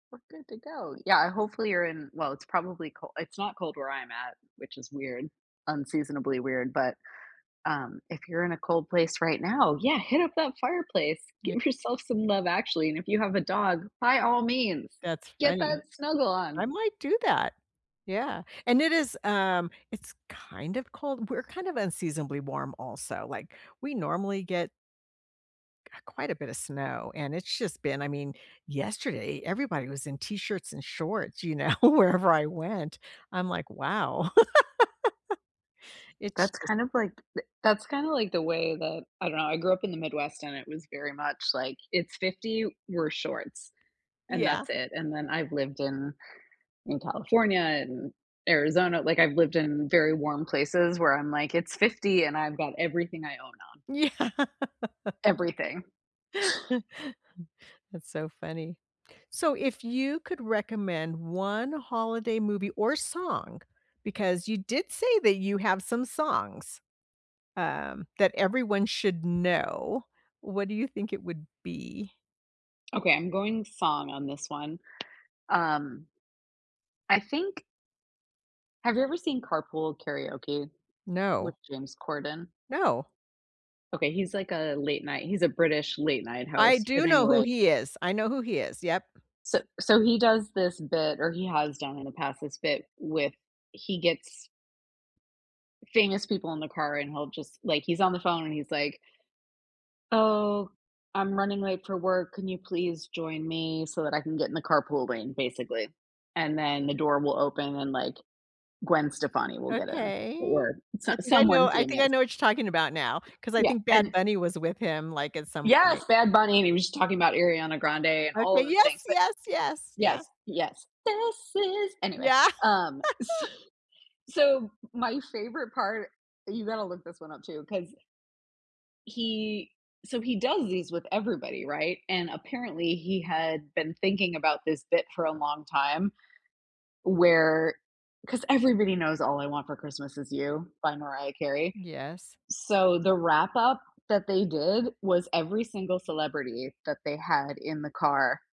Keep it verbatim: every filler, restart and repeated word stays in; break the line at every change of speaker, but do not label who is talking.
We're good to go. Yeah, hopefully, you're in well, it's probably col it's not cold where I'm at, which is weird, unseasonably weird, but, um, if you're in a cold place right now, yeah, hit up that fireplace,
Ye
give yourself some Love Actually, and if you have a dog, by all means,
That's
get
funny.
that snuggle on.
I might do that. Yeah, and it is, um it's kind of cold we're kind of unseasonably warm, also, like, we normally get q quite a bit of snow, and it's just been I mean, yesterday, everybody was in T-shirts and shorts, you know, wherever I went. I'm like, "Wow." It's
That's
just
kind of like th that's kinda like the way that I don't know, I grew up in the Midwest, and it was very much, like, it's fifty, wear shorts. And
Yeah.
that's it, and then I've lived in in California, in Arizona like, I've lived in very warm places, where I'm like, it's fifty and I've got everything I own on.
Yeah.
Everything.
That's so funny. So, if you could recommend one holiday movie, or song, because you did say that you have some songs, um, that everyone should know, what do you think it would be?
Okay, I'm going song on this one, um I think Have you ever seen Carpool Karaoke with
No.
James Corden?
No.
Okay, he's, like, a late night he's a British late night
I
host, but
do know who
anyway
he is, I know who he is, yep.
So so he does this bit or he has done, in the past, this bit with he gets famous people in the car, and he'll just like, he's on the phone, and he's like "Oh, I'm running late for work, can you please join me, so that I can get in the carpool lane," basically. And then the door will open, and, like, Gwen Stefani will get in, o
Okay.
or so
I think I know
someone
I think I
famous.
know what you're talking about now, 'cause I
Yeah,
think Bad
and
Bunny was with him, like, at some point.
Yes! Bad Bunny, and he was just talking about Ariana Grande, and all
Okay
of the
yes!
things, but
Yes, yes, yeah.
Yes, yes. This is anyway,
Yeah.
um, so so, m my favorite part you gotta look this one up, too, 'cause he so he does these with everybody, right? And, apparently, he had been thinking about this bit for a long time, where 'cause everybody knows "All I Want for Christmas Is You" by Mariah Carey.
Yes.
So, the wrap-up that they did, was every single celebrity that they had in the car